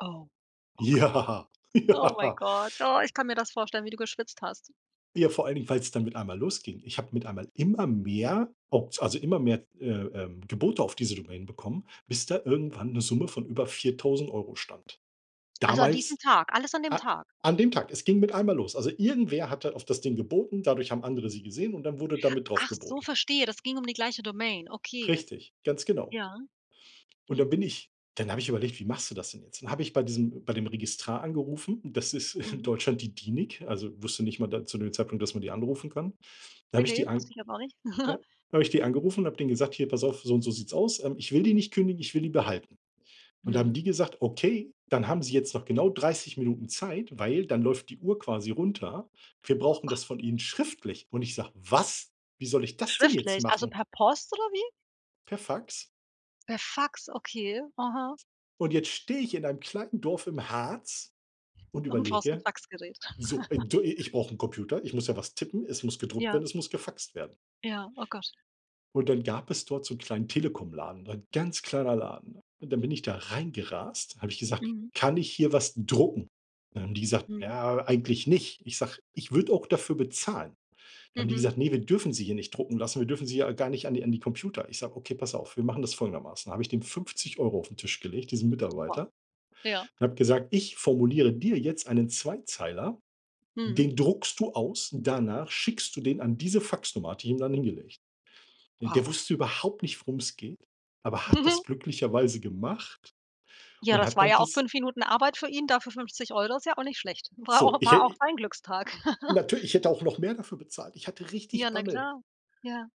Oh, okay. Ja, Oh my ja. God. Oh, ich kann mir das vorstellen, wie du geschwitzt hast. Ja, vor allen Dingen, weil es dann mit einmal losging. Ich habe mit einmal immer mehr Opt also, immer mehr, äh, ähm, Gebote auf diese Domain bekommen, bis da irgendwann 'ne Summe von über 4.000 € stand. Also, an diesem Damals, Tag, alles an dem a Tag? an dem Tag, es ging mit einmal los. Also, irgendwer hatte auf das Ding geboten, dadurch haben andere sie gesehen und dann wurde da mit drauf Ach so, geboten. verstehe, das ging um die gleiche Domain, okay. Richtig, ganz genau. Ja. Und dann bin ich dann habe ich überlegt, wie machst du das denn jetzt? Dann habe ich bei diesem bei dem Registrar angerufen, das ist in Mhm. Deutschland die DENIC, also, wusste nicht mal da zu dem Zeitpunkt, dass man die anrufen kann. Dann Ne, habe ich ne. die an Wusste ich glaub auch nicht. ja, habe ich die angerufen und habe denen gesagt: „Hier pass auf, so und so sieht es aus, ähm, ich will die nicht kündigen, ich will die behalten.“ Und da haben Mhm. die gesagt: „Okay, dann haben Sie jetzt noch genau 30 Minuten Zeit, weil dann läuft die Uhr quasi runter. Wir Oh, brauchen Gott. das von ihnen schriftlich.“ Und ich sage: „Was? Wie soll ich das denn jetzt Schriftlich, also, machen?“ per Post oder wie? Per Fax. Per Fax, okay, aha. Und jetzt stehe ich in einem kleinen Dorf im Harz und Und brauchst 'n überlege, Faxgerät. so, äh, du, i ich brauche 'n Computer, ich muss ja was tippen, es muss gedruckt Ja. werden, es muss gefaxt werden. Ja. Oh, Gott. Und dann gab es dort so 'n kleinen Telekomladen, ein ganz kleiner Laden. Und dann bin ich da reingerast, habe ich gesagt: Mhm. „Kann ich hier was drucken?“ Dann haben die gesagt: Mhm. „Ja, eigentlich nicht.“ Ich sage: „Ich würde auch dafür bezahlen.“ Dann haben die Mhm. gesagt: „Ne, wir dürfen sie hier nicht drucken lassen. Wir dürfen sie ja gar nicht an die an die Computer.“ Ich sage: „Okay, pass auf, wir machen das folgendermaßen.“ Da habe ich dem 50 € auf 'n Tisch gelegt, diesen Wow. Mitarbeiter, Ja. und habe gesagt: „Ich formuliere dir jetzt einen Zweizeiler, Mhm. den druckst du aus, danach schickst du den an diese Faxnummer“, hatte die ihm dann hingelegt. Der Wow. wusste überhaupt nicht, worum es geht, aber hat das glücklicherweise gemacht Ja, und das hat war dann ja auch dies 5 Minuten Arbeit für ihn, dafür 50 €, ist ja auch nicht schlecht. War So, auch ich war auch hä sein Glückstag. Natür ich hätte auch noch mehr dafür bezahlt. Ich hatte Ja, richtig na Bammel. klar, ja.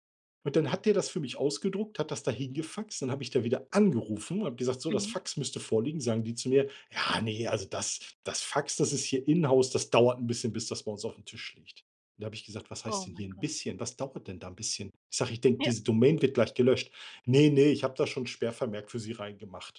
Und dann hat der das für mich ausgedruckt, hat das da hingefaxt. Dann habe ich da wieder angerufen und habe gesagt: „So, das Mhm. Fax müsste vorliegen.“ Sagen die zu mir: „Ja ne, also, das das Fax, das ist hier inhouse, das dauert 'n bisschen, bis das bei uns aufm Tisch liegt.“ Und da habe ich gesagt: „Was Oh heißt denn my hier 'n God. bisschen? Was dauert denn da 'n bisschen?“ Ich sage: „Ich denke, Ja. diese Domain wird gleich gelöscht.“ „Ne, ne, ich habe da schon 'n Sperrvermerk für sie reingemacht.“